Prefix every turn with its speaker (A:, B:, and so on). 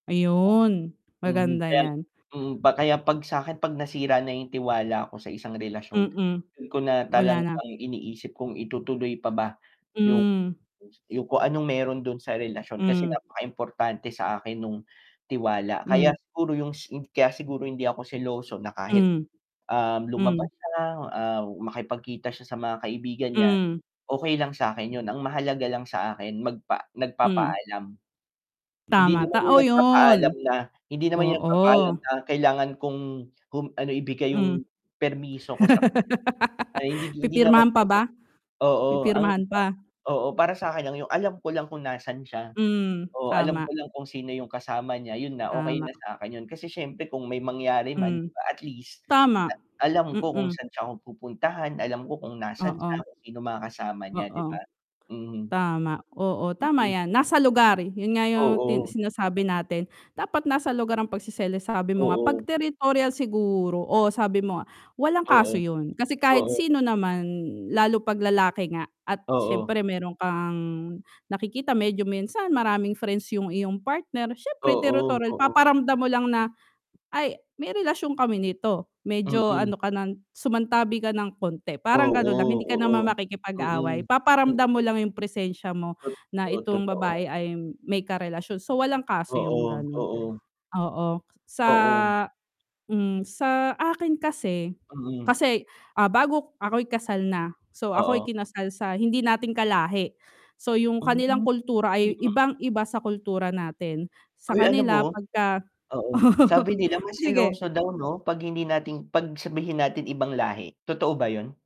A: Ayun,
B: Mhm,
A: maganda
B: kaya lang
A: yan.
B: mm pa kaya pag sakin pag nasira na yung tiwala ko sa isang relasyon,
A: Mm.
B: dun ko na
A: Wala
B: talagang
A: na.
B: iniisip kung itutuloy pa ba, yung
A: Hmm.
B: yung kung anong meron dun sa relasyon kasi
A: Hmm.
B: napaka-importante sa akin nung tiwala kaya
A: Hmm.
B: siguro yung kaya siguro hindi ako seloso na kahit,
A: Hmm.
B: um, lumabas
A: Hmm.
B: siya, ah, makipag-kita siya sa mga kaibigan niya,
A: Mm.
B: okey lang sakin yun, ang mahalaga lang sa akin magpa
A: Mm.
B: nag-papaalam. Hindi
A: Tama,
B: naman yung
A: tao
B: nag-papaalam
A: yun.
B: na hindi naman yung nag-papaalam
A: Oo.
B: na kailangan kong, ano ibigay yung
A: Mm.
B: permiso ko sa kanya, ay hindi hindi naman
A: Pipirmahan pa ba?
B: ganon, oo ang
A: Pipirmahan pa?
B: oo para sakin lang yung alam ko lang kung nasaan siya
A: Hmm,
B: oo alam ko
A: tama.
B: lang kung sino yung kasama niya yun na, okey na
A: Tama.
B: sakin yun, kasi siyempre kung may mangyari man di
A: Hmm.
B: ba at least,
A: Tama.
B: alam ko kung
A: Mm.
B: saan siya pupuntahan, alam ko kung nasan siya,
A: Oo.
B: kung sino mga kasama niya di
A: Oo.
B: ba? Mhm.
A: Tama oo tama
B: Mhm.
A: yan nasa lugar yun nga yung tin
B: Oo.
A: sinasabi natin, dapat nasa lugar ang pag-seselos sabi mo nga pag
B: Oo.
A: territorial siguro, oo sabi mo nga, walang kaso
B: Oo.
A: yun, kasi kahit
B: Oo.
A: sino naman lalo pag lalaki nga, at
B: Oo.
A: siyempre meron kang nakikita, medyo minsan maraming friends yung iyong partner, siyempre
B: Oo,
A: territorial,
B: oo.
A: paparamdam mo lang na, ay, may relasyon kami nito medyo
B: Mm.
A: ano ka ng sumantabi ka ng konti parang
B: Oo,
A: ganun lang hindi ka naman
B: oo,
A: makikipag-away,
B: mm,
A: paparamdam mo
B: mm.
A: lang yung presensya mo na
B: Totoo,
A: itong babae
B: totoo.
A: ay may karelasyon, so walang kaso yung
B: Oo,
A: ganun,
B: oo.
A: oo sa
B: Oo.
A: hmm sa akin kasi,
B: Mm.
A: kasi ah, bago ako'y kasal na, so ako'y
B: Oo.
A: kinasal sa hindi natin ka-lahi, so yung
B: Hmm.
A: kanilang
B: Hmm.
A: kultura ay ibang-iba sa kultura natin, sa
B: Ay alam
A: kanila
B: mo
A: pagka
B: oo, sabi nila mas seloso
A: Sige
B: daw 'no pag hindi natin pag sabihin natin ibang lahi, totoo ba yun?